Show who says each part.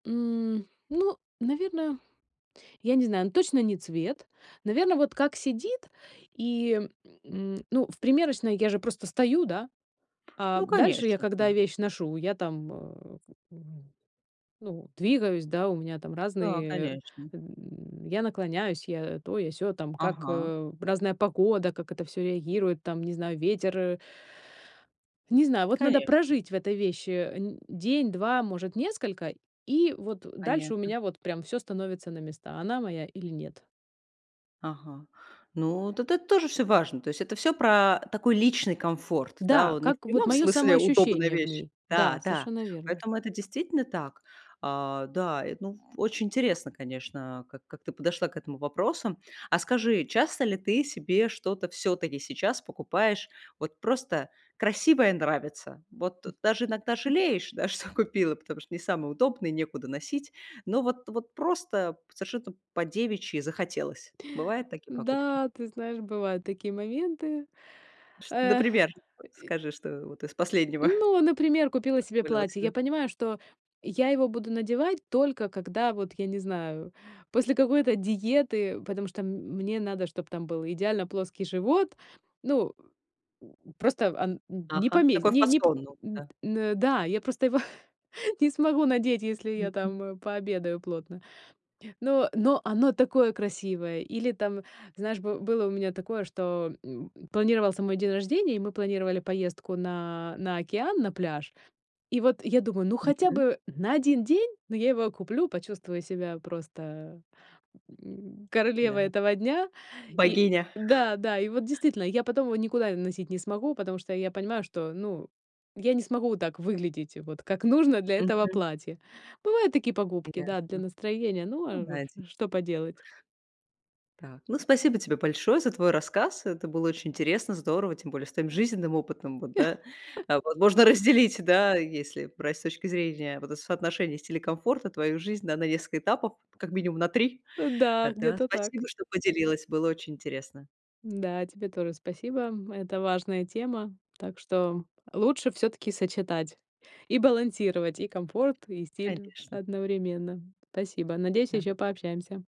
Speaker 1: М, ну, наверное я не знаю, но точно не цвет. Наверно, вот как сидит, и, м, ну, в примерочной я же просто стою, да, а
Speaker 2: Ну,
Speaker 1: дальше я,
Speaker 2: конечно,
Speaker 1: когда
Speaker 2: да.
Speaker 1: вещь ношу, я там, э, м, ну, двигаюсь, да, у меня там
Speaker 2: Да,
Speaker 1: разные,
Speaker 2: конечно.
Speaker 1: эм, я наклоняюсь, я то, я сё, там как,
Speaker 2: Ага.
Speaker 1: э, разная погода, как это всё реагирует, там, не знаю, ветер, э Не знаю, вот надо
Speaker 2: Конечно.
Speaker 1: прожить в этой вещи н день 2, может, несколько, и вот дальше у
Speaker 2: Понятно.
Speaker 1: меня, вот прям всё становится на места, она моя или нет.
Speaker 2: Ага. Ну, вот это тоже всё важно. То есть это всё про такой личный комфорт. Да,
Speaker 1: Да,
Speaker 2: он не в
Speaker 1: как вот
Speaker 2: прямом
Speaker 1: моё
Speaker 2: смысле удобная
Speaker 1: самоощущение в
Speaker 2: вещь.
Speaker 1: ней. Да,
Speaker 2: Да-да,
Speaker 1: совершенно верно.
Speaker 2: поэтому это действительно так. А, да, эт ну, в очень интересно, конечно, как как ты подошла к этому вопросам. А скажи, часто ли ты себе что-то всё-таки сейчас покупаешь, вот просто красивое, нравится? Вот
Speaker 1: Мгм.
Speaker 2: даже иногда жалеешь, да, что купила, потому что не самое удобное и некуда носить. Но вот вот просто совершенно по-девичьи захотелось. Бывают такие покупки?
Speaker 1: Да, ты знаешь, бывают такие моменты,
Speaker 2: Шт вот
Speaker 1: эх, э
Speaker 2: например,
Speaker 1: и
Speaker 2: скажи, что вот из последнего
Speaker 1: Ну, например, купила себе
Speaker 2: позволила
Speaker 1: платье.
Speaker 2: себе?
Speaker 1: Я понимаю, что я его буду надевать только когда, вот я не знаю, после какой-то диеты, потому что м мне надо, чтоб там был идеально плоский живот. Ну, м просто ан не
Speaker 2: Ага,
Speaker 1: помесь
Speaker 2: такой
Speaker 1: не не п
Speaker 2: фасон новый,
Speaker 1: м.
Speaker 2: да.
Speaker 1: Н-да, я просто его не смогу надеть, если я
Speaker 2: Мгм.
Speaker 1: там, э, пообедаю плотно. Но но оно такое красивое! Или там, знаешь, бы было у меня такое, что, м, планировался мой день рождения, и мы планировали поездку на на океан, на пляж. И вот я думаю: "Ну хотя
Speaker 2: Мгм.
Speaker 1: бы на 1 день, но я его куплю, почувствую себя просто, м, королевой
Speaker 2: Да,
Speaker 1: этого дня". И
Speaker 2: богиня.
Speaker 1: да, да, и вот действительно, я потом его никуда носить не смогу, потому что я понимаю, что, ну, я не смогу так выглядеть, вот как нужно для этого
Speaker 2: Мгм.
Speaker 1: платья. Бывают такие покупки, да, для
Speaker 2: Ясно,
Speaker 1: настроения, ну,
Speaker 2: ну да,
Speaker 1: а
Speaker 2: эти.
Speaker 1: ш что поделать?
Speaker 2: Да, ну спасибо тебе большое за твой рассказ. Это было очень интересно, здорово, тем более с твоим жизненным опытом, вот, да. А возможно разделить, да, если брать с точки зрения, вот, соотношения стиля и комфорта, твою жизнь, да, на несколько этапов, как минимум на 3, э,
Speaker 1: Да,
Speaker 2: да.
Speaker 1: где-то так.
Speaker 2: Спасибо, что поделилась, было очень интересно.
Speaker 1: Да, тебе тоже спасибо, м. Это важная тема. Так что лучше всё-таки сочетать и балансировать и комфорт, и стиль
Speaker 2: Конечно.
Speaker 1: одновременно. Спасибо. Надеюсь,
Speaker 2: Да.
Speaker 1: ещё пообщаемся.